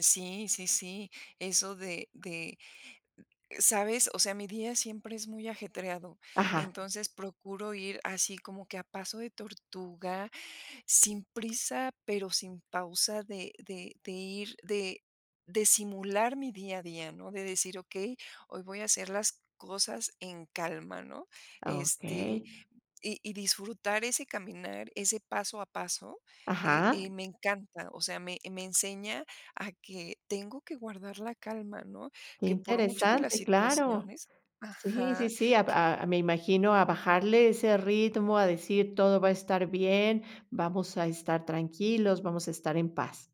Sí, sí, sí, eso de de, ¿sabes? O sea, mi día siempre es muy ajetreado. Ajá. Entonces procuro ir así como que a paso de tortuga, sin prisa, pero sin pausa de de de ir, de de simular mi día a día, ¿no? De decir: "Okey, hoy voy a hacer las cosas en calma", ¿no? Este, Okey. y y disfrutar ese caminar, ese paso a paso, eh Ajá. eh, me encanta. O sea, me me enseña a que tengo que guardar la calma, ¿no? Que Que por mucho que las interesante, claro. situaciones Sí, sí, ajá, sí, ab qu a me imagino a bajarle ese ritmo, a decir todo va a estar bien, vamos a estar tranquilos, vamos a estar en paz.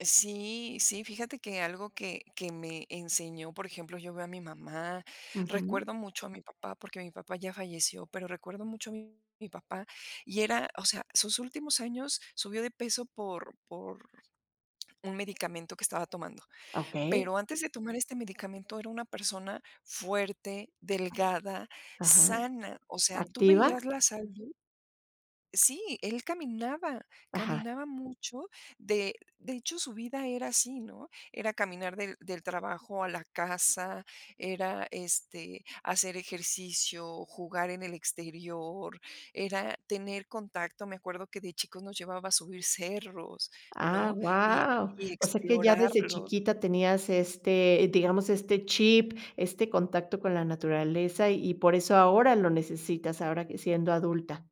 Sí, sí, fíjate que algo que que me enseñó, por ejemplo, yo veo a mi mamá. Ujú. Recuerdo mucho a mi papá, porque mi papá ya falleció, pero recuerdo mucho a mi papá. Y era, o sea, sus últimos años subió de peso por por un medicamento que estaba tomando, Okey. pero antes de tomar este medicamento era una persona fuerte, delgada, Ajá. sana, o sea, tú ¿Activa? veías la salud Sí, él caminaba, Ajá. caminaba mucho, de de hecho, su vida era así, ¿no? Era caminar del del trabajo a la casa, era, este, hacer ejercicio, jugar en el exterior, era tener contacto, me acuerdo que de chicos nos llevaba a subir cerros, Ah, ¿no? Y guau. y O sea, que ya desde explorarlos. chiquita tenías este, digamos, este chip, este contacto con la naturaleza, y y por eso ahora lo necesitas, ahora que siendo adulta.